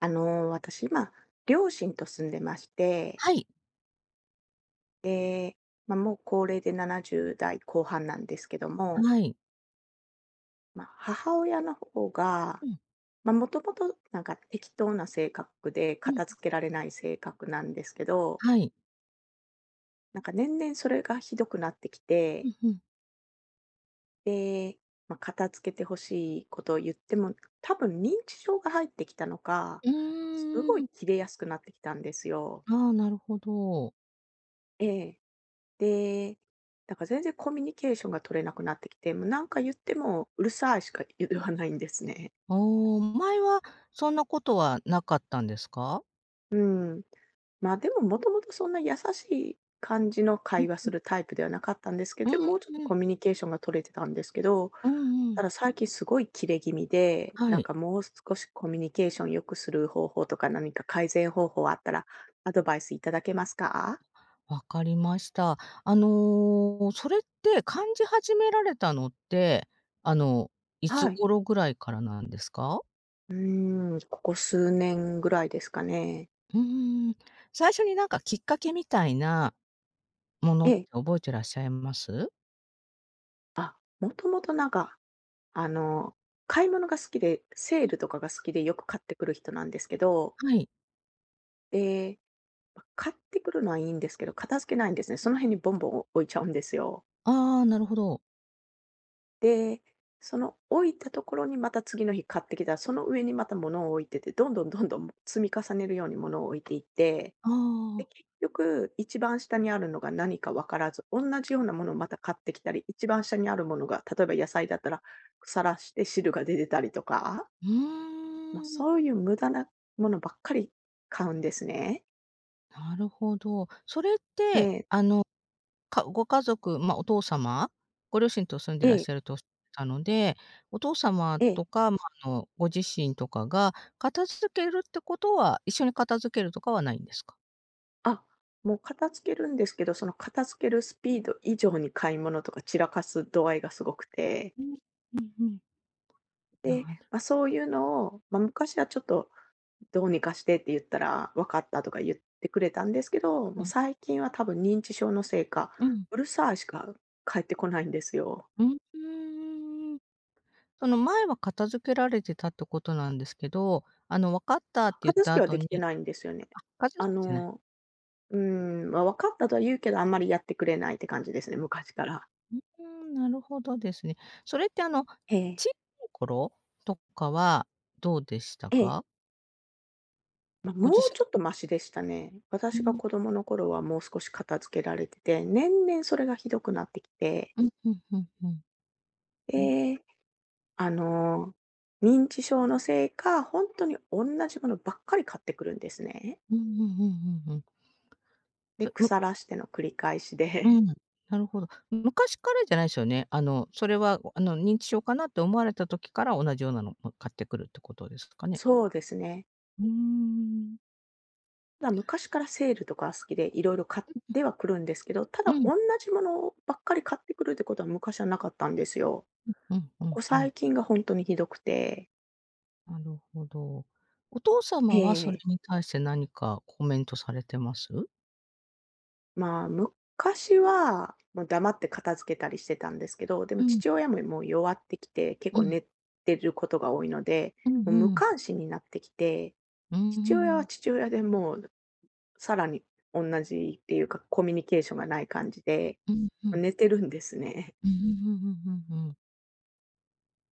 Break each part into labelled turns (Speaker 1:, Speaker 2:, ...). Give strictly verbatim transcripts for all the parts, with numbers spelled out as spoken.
Speaker 1: あの、私今両親と住んでまして。
Speaker 2: はい。
Speaker 1: え、ま、もう高齢でななじゅうだい後半なんですけども。
Speaker 2: はい。
Speaker 1: ま、母親の方が、
Speaker 2: うん。
Speaker 1: ま、もともとなんか適当な性格で
Speaker 2: うん。
Speaker 1: 片付けられない性格なんですけど。
Speaker 2: はい。
Speaker 1: なんか年々それがひどくなってき
Speaker 2: う
Speaker 1: て。
Speaker 2: ん、ふん。
Speaker 1: で、ま、片付けて欲しいことを言っても、多分認知症が入ってきたのか、
Speaker 2: う
Speaker 1: すご
Speaker 2: ー
Speaker 1: い
Speaker 2: ん。
Speaker 1: キレやすくなってきたんですよ。
Speaker 2: ああ、なるほど。
Speaker 1: ええ。で、だから全然コミュニケーションが取れなくなってきて、もう、何か言ってもうるさいしか、い言わないんですね。
Speaker 2: ああ。前はそんなことはなかったんですか？
Speaker 1: うん。ま、でももともとそんな優しい感じの
Speaker 2: うん
Speaker 1: 会話
Speaker 2: う
Speaker 1: す
Speaker 2: ん。
Speaker 1: るタイプではなかったんですけ
Speaker 2: う
Speaker 1: ど、でもうちょっと
Speaker 2: ん。
Speaker 1: コミュニケーションが取れてたんですけど。
Speaker 2: うんうん。
Speaker 1: ただ最近すごいキレ気味で、
Speaker 2: は
Speaker 1: なん
Speaker 2: い。
Speaker 1: かもう少しコミュニケーション良くする方法とか何か改善方法あったらアドバイスいただけますか？
Speaker 2: 分かりました。あの、それって感じ始められたのって、あのいつ
Speaker 1: はい。
Speaker 2: 頃ぐらいからなんですか？
Speaker 1: うーん、ここ数年ぐらいですかね。
Speaker 2: うーん。最初になんかきっかけみたいなもの
Speaker 1: え
Speaker 2: って
Speaker 1: え。
Speaker 2: 覚えてらっしゃいます？
Speaker 1: あ、もともとなんか、あの、買い物が好きで、セー
Speaker 2: うん。
Speaker 1: ルとかが好きでよく買ってくる人なんですけど。
Speaker 2: はい。
Speaker 1: ええ、ま、買ってくるのはいいんですけど、片付けないんですね。その辺にボンボン、お置いちゃうんですよ。
Speaker 2: ああ、なるほど。
Speaker 1: で、その置いたところにまた次の日買ってきたら、その上にまた物を置いてて、どんどんどんどん、も積み重ねるように物を置いていって、
Speaker 2: あ
Speaker 1: で、
Speaker 2: あ。
Speaker 1: 結局一番下にあるのが何かわからず、おんなじようなものをまた買ってきたり、一番下にあるものが、例えば野菜だったら腐らして汁が出てたりとか。
Speaker 2: う
Speaker 1: ま、
Speaker 2: ーん。
Speaker 1: そういう無駄なものばっかり買うんですね。
Speaker 2: なるほど。それっ
Speaker 1: え
Speaker 2: て、
Speaker 1: え。
Speaker 2: あの、かご家族、まあ、お父様ご両親と住んでら
Speaker 1: え
Speaker 2: っ
Speaker 1: え。
Speaker 2: しゃるとおっしゃってたので、お父様
Speaker 1: ええ。
Speaker 2: とか、ま、あの、ご自身とかが片付けるってことは一緒に片付けるとかはないんですか？
Speaker 1: あ、もう片付けるんですけど、その片付けるスピード以上に買い物とか散らかす度合いがすごくて。
Speaker 2: う、うんうん。
Speaker 1: で、
Speaker 2: なる。
Speaker 1: ま、そういうのを、ま、昔はちょっと「どうにかして」って言ったら「分かった」とか言ってくれたんですけど、
Speaker 2: う
Speaker 1: もう
Speaker 2: ん。
Speaker 1: 最近は多分認知症のせいか
Speaker 2: うん。
Speaker 1: 「うるさい」しか返ってこないんですよ。
Speaker 2: ううーん。あの、前は片付けられてたってことなんですけど、あの「分かった」っ
Speaker 1: あ、
Speaker 2: て言っ
Speaker 1: 片
Speaker 2: た
Speaker 1: 付けは
Speaker 2: 後
Speaker 1: でき
Speaker 2: に
Speaker 1: てないんですよね。
Speaker 2: あ、片
Speaker 1: あ
Speaker 2: 付けてない。
Speaker 1: の、うん、ま「分かった」とは言うけど、あんまりやってくれないって感じですね、昔から。
Speaker 2: ううーん、なるほどですね。それって、あの、小
Speaker 1: ええ。
Speaker 2: さい頃とかはどうでした
Speaker 1: ええ。
Speaker 2: か？
Speaker 1: ま、
Speaker 2: ご
Speaker 1: も
Speaker 2: 自
Speaker 1: うち
Speaker 2: 身
Speaker 1: ょっとましでしたね。
Speaker 2: う
Speaker 1: 私が
Speaker 2: ん。
Speaker 1: 子供の頃はもう少し片付けられてて、年々それがひどくなってきて。
Speaker 2: うん、ふんふんふん。ふん。
Speaker 1: で、あの、認知症のせいか、ほんとにおんなじ物ばっかり買ってくるんですね。
Speaker 2: うんうんうんうんうん。
Speaker 1: で、
Speaker 2: それ、む
Speaker 1: 腐らしての繰り返しで。
Speaker 2: うん。なるほど。昔からじゃないすよね。あの、それは、ごあの、認知症かなって思われた時から同じようなのも買ってくるってことですかね？
Speaker 1: そうですね。
Speaker 2: うーん。
Speaker 1: ま、昔からセールとかは好きで、色々買っ
Speaker 2: うんうん。
Speaker 1: てはくるんですけど、た
Speaker 2: う
Speaker 1: だ、
Speaker 2: ん。
Speaker 1: おんなじものばっかり買ってくるってことは昔はなかったんですよ。
Speaker 2: うんうんう
Speaker 1: こ
Speaker 2: ん
Speaker 1: こ
Speaker 2: うん。
Speaker 1: 最近がほんとにひどくて。
Speaker 2: なるほど。お父
Speaker 1: え
Speaker 2: 様
Speaker 1: え
Speaker 2: は
Speaker 1: え
Speaker 2: それ
Speaker 1: え。
Speaker 2: に対して何かコメントされてます？
Speaker 1: まあ、昔はもう黙って片付けたりしてたんですけど、で
Speaker 2: う
Speaker 1: も
Speaker 2: ん。
Speaker 1: 父親も、いもう弱ってきて、結
Speaker 2: う
Speaker 1: 構
Speaker 2: ん。
Speaker 1: 寝てることが多いので、
Speaker 2: う
Speaker 1: も
Speaker 2: ん
Speaker 1: う無
Speaker 2: うん。
Speaker 1: 関心になってきて、
Speaker 2: うー
Speaker 1: 父親は
Speaker 2: ん。
Speaker 1: 父親でもうさらにおんなじっていうか、コミュニケーションがない感じで、
Speaker 2: うんう
Speaker 1: ま、
Speaker 2: ん。
Speaker 1: 寝てるんですね。
Speaker 2: うんうんうんうんうんうん。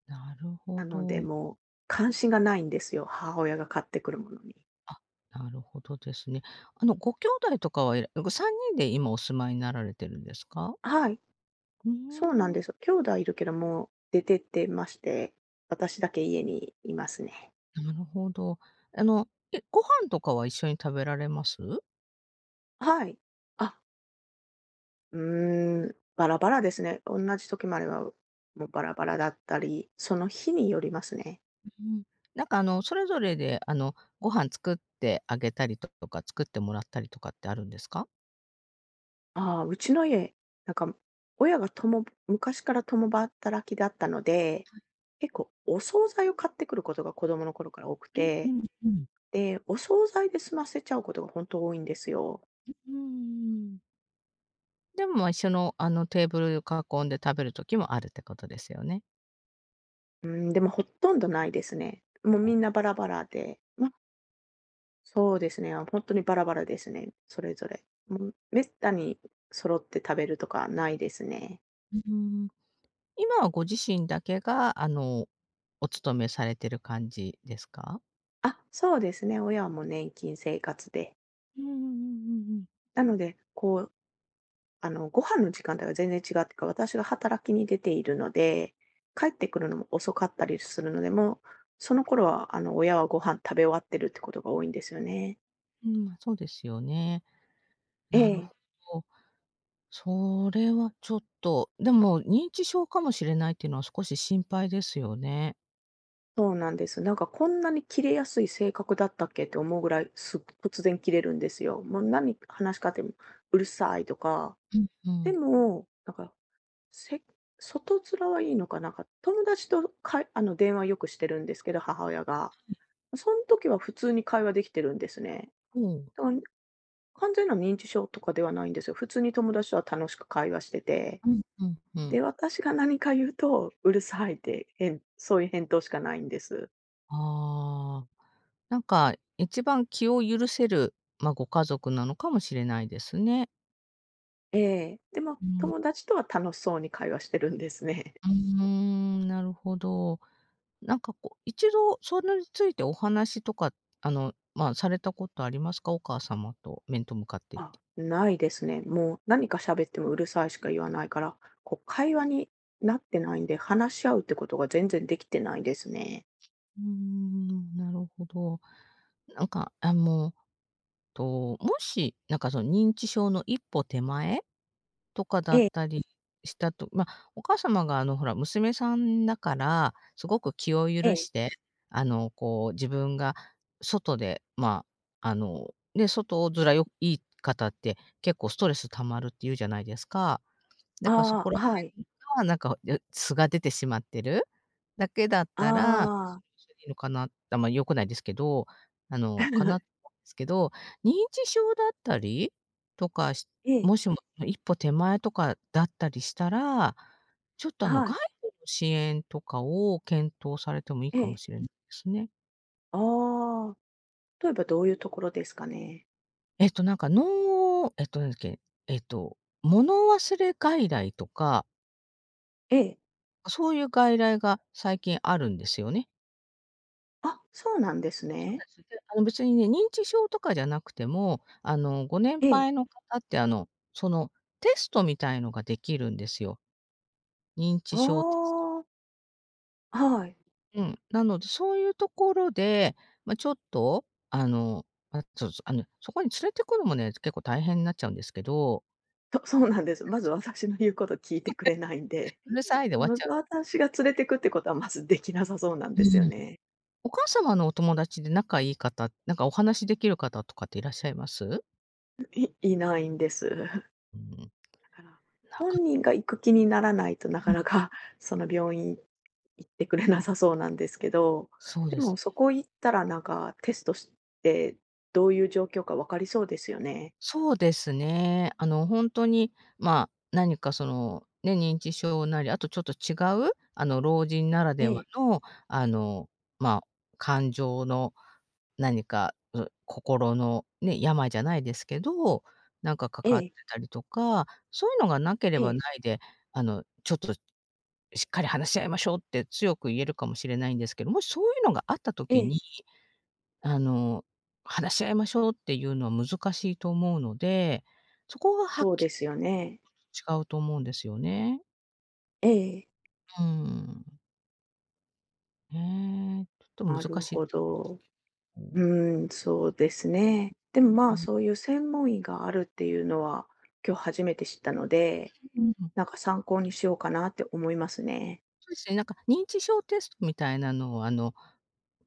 Speaker 2: なるほ
Speaker 1: なので
Speaker 2: ど。
Speaker 1: もう関心がないんですよ、母親が買ってくるものに。
Speaker 2: あ、なるほどですね。あの、ご兄弟とかはいらごさんにんで今お住まいになられてるんですか？
Speaker 1: はい。
Speaker 2: うう
Speaker 1: そうなん
Speaker 2: ーん。
Speaker 1: です。兄弟いるけどもう出てってまして、私だけ家にいますね。
Speaker 2: なるほど。あの、え、ご飯とかは一緒に食べられます？
Speaker 1: あ、はい。あ。うーん、バラバラですね。おんなじ時もあれば、もうバラバラだったり、その日によりますね。
Speaker 2: う、ふん。なんかあのそれぞれであのご飯作ってあげたりととか、作ってもらったりとかってあるんですか？
Speaker 1: ああ、うちの家、なんか親が共昔から共働きだったので、
Speaker 2: はい。
Speaker 1: 結構お惣菜を買ってくることが子供の頃から多く
Speaker 2: うんう
Speaker 1: て。
Speaker 2: ん、ふん。
Speaker 1: で、お惣菜で済ませちゃうことが本当多いんですよ。
Speaker 2: ううんうんうん。でも、ま、一緒のあのテーブル、ゆ、囲んで食べる時もあるってことですよね。
Speaker 1: うーん、でもほっとんどないですね。もう
Speaker 2: あ。
Speaker 1: みんなバラバラで。まそうですね、あ、ほんとにバラバラですね、それぞれ。うん。滅多に揃って食べるとかないですね。
Speaker 2: ううーん。今はご自身だけが、あの、お勤めされてる感じですか？
Speaker 1: あ、そうですね。親はもう年金生活で。
Speaker 2: うんうんうんうんうん。
Speaker 1: なので、こうあの、ご飯の時間帯が全然違うってか、私が働きに出ているので、帰ってくるのも遅かったりするので、もう、その頃はあの親はご飯食べ終わってるってことが多いんですよね。
Speaker 2: うん、まあそうですよね。
Speaker 1: え
Speaker 2: なる
Speaker 1: え。
Speaker 2: ほど、それはちょっと。でも、認知症かもしれないっていうのは少し心配ですよね。
Speaker 1: そうなんです。なんかこんなにキレやすい性格だったっけって思うぐらい、す突然キレるんですよ。もうなに、話しかても、うるさいとか。
Speaker 2: うんう
Speaker 1: で
Speaker 2: ん。
Speaker 1: もなんか、せ外面はいいのか、なんか、友達とかいあの、電話よくしてるんですけど、母親が。
Speaker 2: はい。
Speaker 1: そん時は普通に会話できてるんですね。
Speaker 2: うん。
Speaker 1: だからに、完全な認知症とかではないんですよ。普通に友達とは楽しく会話してて。
Speaker 2: うんうんうん。
Speaker 1: で、私が何か言うと、うるさいって、へんそういう返答しかないんです。
Speaker 2: ああ、なんか、一番気を許せる、ま、ご家族なのかもしれないですね。
Speaker 1: ええ、でも
Speaker 2: うん。
Speaker 1: 友達とは楽しそうに会話してるんですね。
Speaker 2: うーん、なるほど。なんかこう、一度それについてお話とか、あの、まあ、されたことありますか？お母様と面と向かっていって。
Speaker 1: あ、ないですね。もう何か喋っても「うるさい」しか言わないから、こう、会話になってないんで、話し合うってことが全然できてないですね。
Speaker 2: うーん、なるほど。なんか、あ、もう、と、もし、なんかその、認知症の一歩手前とかだ
Speaker 1: え
Speaker 2: っ
Speaker 1: え。
Speaker 2: たりしたとまあ、お母様があの、ほら、娘さんだから、すごく気を
Speaker 1: え
Speaker 2: 許
Speaker 1: え。
Speaker 2: して、あの、こう、自分が外でまあ、あの、ね、外面よいい方って結構ストレス溜まるって言うじゃないですか。だからそこ
Speaker 1: あ
Speaker 2: ら
Speaker 1: あ、はい。
Speaker 2: 辺はなんか、よ素が出てしまってるだけだっ
Speaker 1: あ
Speaker 2: たら、それは
Speaker 1: あ。
Speaker 2: それで、いいのかなって、あんまり良くないですけど、あの、かな すけど、認知症だったりとかし
Speaker 1: ええ。
Speaker 2: もしも一歩手前とかだったりしたら、ちょっとあの、
Speaker 1: は
Speaker 2: 外
Speaker 1: い。
Speaker 2: 部の支援とかを検討されてもいい
Speaker 1: え
Speaker 2: かも
Speaker 1: え。
Speaker 2: しれないですね。
Speaker 1: ああ、とえばどういうところですかね？
Speaker 2: えっとなんか、脳えっと何だっけ、えっと、物忘れ外来とか
Speaker 1: ええ。
Speaker 2: あ、そういう外来が最近あるんですよね。
Speaker 1: あ、そうなんです
Speaker 2: そう
Speaker 1: ね。
Speaker 2: です。で、あの、別にね、認知症とかじゃなくても、あの、ご年
Speaker 1: ええ。
Speaker 2: 配の方ってあの、そのテストみたいのができるんですよ、認
Speaker 1: あ
Speaker 2: 知症テスト。
Speaker 1: あ。あ、はい。
Speaker 2: うん、なので、そういうところで、ま、ちょっと、あの、あ、そうそう、あの、そこに連れてくのもね、結構大変なっちゃうんですけど
Speaker 1: そそうなんです。まず、私の言うこと聞い
Speaker 2: そ
Speaker 1: て
Speaker 2: れ。
Speaker 1: くれないんで、
Speaker 2: うる さいで終わっ
Speaker 1: ま
Speaker 2: ちゃ
Speaker 1: ず
Speaker 2: う。
Speaker 1: 私が連れてくってことは、まずできなさそうなん
Speaker 2: うー
Speaker 1: ですよ
Speaker 2: ん。
Speaker 1: ね。
Speaker 2: お母様のお友達で仲いい方、なんかお話できる方とかっていらっしゃいます？
Speaker 1: んいいないんです。だ
Speaker 2: うん。
Speaker 1: から、
Speaker 2: なか
Speaker 1: 本人が行く気にならないと、な
Speaker 2: あ、うん。
Speaker 1: かなかその病院行ってくれなさそうなんですけど、
Speaker 2: そう
Speaker 1: で
Speaker 2: です。
Speaker 1: も、そこ行ったらなんか、テストしてどういう状況か分かりそうですよね？
Speaker 2: そうですね。あの、ほんとに、まあ、なにかその、ね、認知症なり、あとちょっと違う、あの、老人なら
Speaker 1: え
Speaker 2: では
Speaker 1: え。
Speaker 2: の、あの、まあ、感情の何かう心のね、病じゃないですけど、なんかか
Speaker 1: え
Speaker 2: かって
Speaker 1: え。
Speaker 2: たりとか、そういうのがなけれ
Speaker 1: え
Speaker 2: ば
Speaker 1: え。
Speaker 2: ないで、あの「ちょっとしっかり話し合いましょう」って強く言えるかもしれないんですけど、もしそういうのがあった時
Speaker 1: ええ。
Speaker 2: に、あの、話し合いましょうっていうのは難しいと思うので、そこがはっ
Speaker 1: そう
Speaker 2: き
Speaker 1: で
Speaker 2: り
Speaker 1: すよね。
Speaker 2: 違うと思うんですよね。
Speaker 1: ええ。
Speaker 2: うーん。うーん。ちょっと
Speaker 1: な
Speaker 2: 難
Speaker 1: る
Speaker 2: しいで
Speaker 1: ほど。
Speaker 2: すね。うん。
Speaker 1: うーん、そうですね。でも、ま
Speaker 2: う
Speaker 1: あ、
Speaker 2: ん。
Speaker 1: そういう専門医があるっていうのは、今日初めて知ったので。
Speaker 2: うんうんうん。
Speaker 1: なんか参考にしようかなって思いますね。
Speaker 2: そうですね。なんか、認知症テストみたいなのを、あの、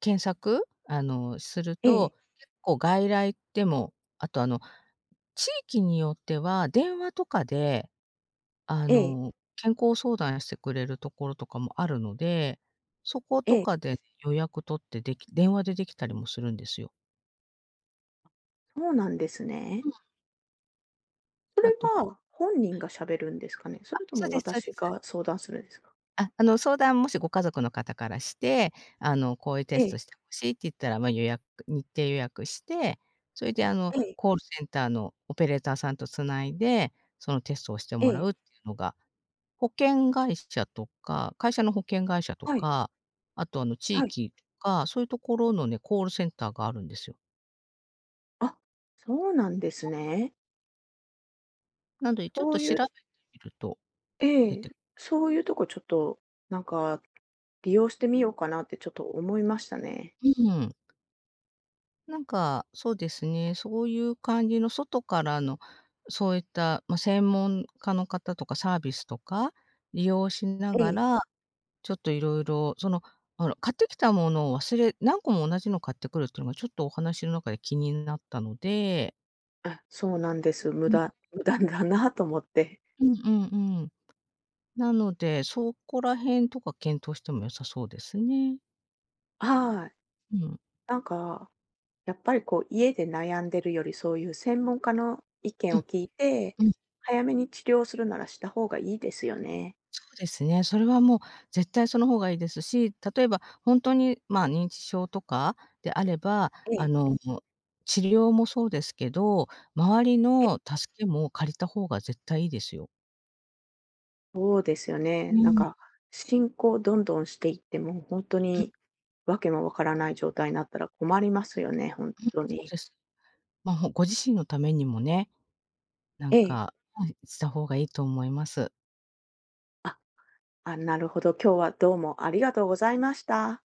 Speaker 2: 検索、あの、する
Speaker 1: ええ。
Speaker 2: と、結構外来でも。あと、あの、地域によっては電話とかで、あ
Speaker 1: ええ。
Speaker 2: の、健康相談してくれるところとかもあるので。そこと
Speaker 1: ええ。
Speaker 2: かで予約取ってでき電話でできたりもするんですよ。
Speaker 1: そうなんですね。
Speaker 2: はい。
Speaker 1: そ
Speaker 2: あ
Speaker 1: れ
Speaker 2: と、ほ
Speaker 1: は、本人
Speaker 2: はい。
Speaker 1: が喋るんですかね。そ
Speaker 2: あ、
Speaker 1: れと
Speaker 2: そう
Speaker 1: も
Speaker 2: ですそうで
Speaker 1: 私
Speaker 2: す。
Speaker 1: が相談するんですか？
Speaker 2: あ、あの、相談もし、ご家族の方からして。あの、こういうテ
Speaker 1: え
Speaker 2: ス
Speaker 1: え。
Speaker 2: トして欲しいって言ったら、ま、予約日程予約して、それで、あの、
Speaker 1: ええ。
Speaker 2: コールセンターのオペレーターさんと繋いで、そのテストをして
Speaker 1: え
Speaker 2: もら
Speaker 1: え。
Speaker 2: うっていうのが。保険会社とか会社の保険会社と
Speaker 1: はい。
Speaker 2: か、あと、あの、地
Speaker 1: はい。
Speaker 2: 域とか。そういうところのね、コールセンターがあるんですよ。
Speaker 1: あ、そうなんです
Speaker 2: うん。
Speaker 1: ね。
Speaker 2: なので、ちょっ
Speaker 1: そ
Speaker 2: と
Speaker 1: う
Speaker 2: 調
Speaker 1: い
Speaker 2: べ
Speaker 1: う
Speaker 2: てみると、
Speaker 1: え
Speaker 2: 出
Speaker 1: え、
Speaker 2: て
Speaker 1: そういうとこ、ちょっと、なんか、利用してみようかなってちょっと思いましたね。
Speaker 2: うん。なんか、そうですね、そういう感じの外からのそういった、ま、専門家の方とかサービスとか利用しな
Speaker 1: え
Speaker 2: が
Speaker 1: え。
Speaker 2: ら、ちょっと色々そのほら買ってきたものを忘れ何個も同じの買ってくるっていうのがちょっとお話の中で気になったので。
Speaker 1: あ、そうなんです。無
Speaker 2: うん。
Speaker 1: 駄、無駄だなと思って。
Speaker 2: うんうんうん。なので、そこら辺とか検討しても良さそうですね。
Speaker 1: はい。
Speaker 2: うん。
Speaker 1: なんか、やっぱりこう家で悩んでるより、そういう専門家の意
Speaker 2: う
Speaker 1: 見を
Speaker 2: ん、
Speaker 1: 聞いて、
Speaker 2: うん。
Speaker 1: 早めに治療するならした方がいいですよね。
Speaker 2: そうですね。それはもう絶対その方がいいですし、例えば本当にまあ、認知症とかであれば、
Speaker 1: え
Speaker 2: あ
Speaker 1: え。
Speaker 2: の、治療もそうですけど、周り
Speaker 1: ええ。
Speaker 2: の助けも借りた方が絶対いいですよ。
Speaker 1: そうですよね。
Speaker 2: う
Speaker 1: なん
Speaker 2: ん。
Speaker 1: か進行どんどんしていって、もう本当
Speaker 2: うん。
Speaker 1: にわけもわからない状態になったら困りますよね、本
Speaker 2: うん、
Speaker 1: 当
Speaker 2: そう
Speaker 1: に。
Speaker 2: です。ま、ほご自身のためにもね、なん
Speaker 1: ええ。
Speaker 2: か、はい、した方がいいと思います。
Speaker 1: あ、あ、なるほど、今日はどうもありがとうございました。